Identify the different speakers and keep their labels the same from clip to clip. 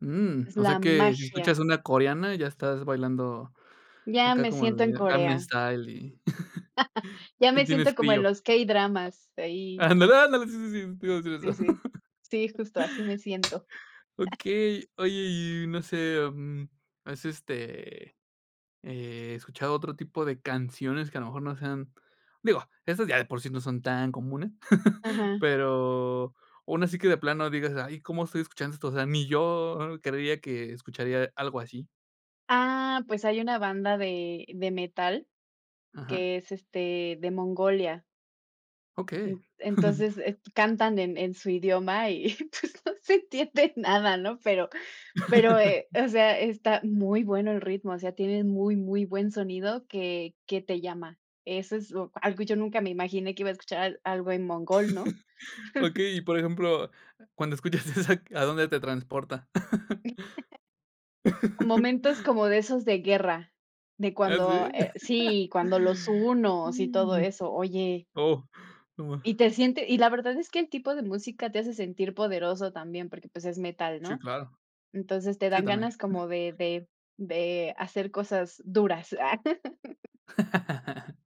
Speaker 1: Mm,
Speaker 2: Es
Speaker 1: o sea
Speaker 2: la
Speaker 1: que si
Speaker 2: magia.
Speaker 1: escuchas una coreana, ya estás bailando
Speaker 2: Ya
Speaker 1: acá
Speaker 2: me
Speaker 1: como
Speaker 2: siento en
Speaker 1: el Gangnam
Speaker 2: Corea.
Speaker 1: Style y
Speaker 2: Ya
Speaker 1: y
Speaker 2: me
Speaker 1: tienes
Speaker 2: siento como en
Speaker 1: frío.
Speaker 2: los k-dramas, ahí.
Speaker 1: Ándale, ¡ándale!, sí, sí, sí, te iba a decir
Speaker 2: Sí,
Speaker 1: eso.
Speaker 2: sí, sí justo así me siento.
Speaker 1: Okey. Oye, y no sé, mm, ¿has, este, eh, escuchado otro tipo de canciones que a lo mejor no sean? Digo, esas ya de por sí no son tan comunes.
Speaker 2: Ajá.
Speaker 1: Pero una así que de plano digas: "Ay, ¿cómo estoy escuchando esto? O sea, ni yo creería que escucharía algo así".
Speaker 2: Ah, pues hay una banda de de metal
Speaker 1: Ajá.
Speaker 2: que es, este, de Mongolia.
Speaker 1: Okey.
Speaker 2: N entonces, est cantan en en su idioma y, pues, no se entiende nada, ¿no? Pero pero, eh, o sea, está muy bueno el ritmo, o sea, tienen muy, muy buen sonido que que te llama. Eso es o algo yo nunca me imaginé que iba a escuchar, algo en mongol, ¿no?
Speaker 1: Okey, y por ejemplo, cuando escuchas esa, ¿a dónde te transporta?
Speaker 2: Momentos como de esos de guerra, de
Speaker 1: Ah,
Speaker 2: cuando,
Speaker 1: ¿sí?
Speaker 2: eh sí, cuando los hunos y todo eso, oye
Speaker 1: Oh, no
Speaker 2: Y
Speaker 1: ma
Speaker 2: te siente y la verdad es que el tipo de música te hace sentir poderoso también, porque, pues es metal,
Speaker 1: Sí,
Speaker 2: ¿no?
Speaker 1: claro.
Speaker 2: Entonces te
Speaker 1: Sí,
Speaker 2: dan
Speaker 1: también.
Speaker 2: ganas como de de de hacer cosas duras, ah.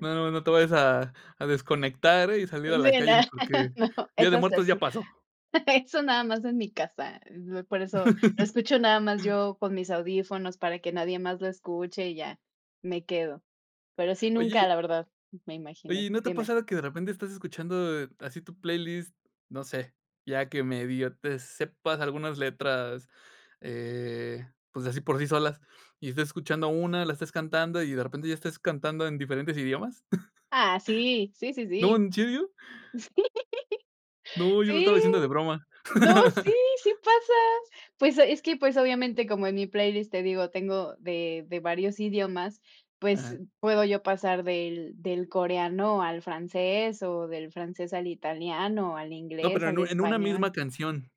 Speaker 1: Nada más no te vayas a a desconectar y salir a
Speaker 2: Sí
Speaker 1: la
Speaker 2: no
Speaker 1: calle porque
Speaker 2: No,
Speaker 1: Día de
Speaker 2: eso es
Speaker 1: Muertos
Speaker 2: eso.
Speaker 1: ya pasó.
Speaker 2: Eso nada más en mi casa, por eso lo escucho nada más yo con mis audífonos para que nadie más lo escuche y ya, me quedo. Pero sí, nunca,
Speaker 1: Oye
Speaker 2: la verdad, me
Speaker 1: oye,
Speaker 2: imaginé
Speaker 1: y ¿no te ha
Speaker 2: dime.
Speaker 1: pasado que de repente estás escuchando, eh, así tu playlist, no sé, ya que medio te sepas algunas letras, eh, pues así por sí solas, y estés escuchando una, la estés cantando y de repente ya estés cantando en diferentes idiomas?
Speaker 2: Ah, sí. Sí, sí,
Speaker 1: ¡No!
Speaker 2: sí.
Speaker 1: ¿En serio? No, yo lo
Speaker 2: Sí, sí
Speaker 1: estaba diciendo de broma.
Speaker 2: no, sí, sí pasa. Pues es que, pues, obviamente, como en mi playlist, te digo, tengo de de varios idiomas, pues
Speaker 1: Ajá.
Speaker 2: puedo yo pasar del del coreano al francés o del francés al italiano, al
Speaker 1: No,
Speaker 2: inglés,
Speaker 1: pero en
Speaker 2: al
Speaker 1: u en una misma
Speaker 2: español.
Speaker 1: canción.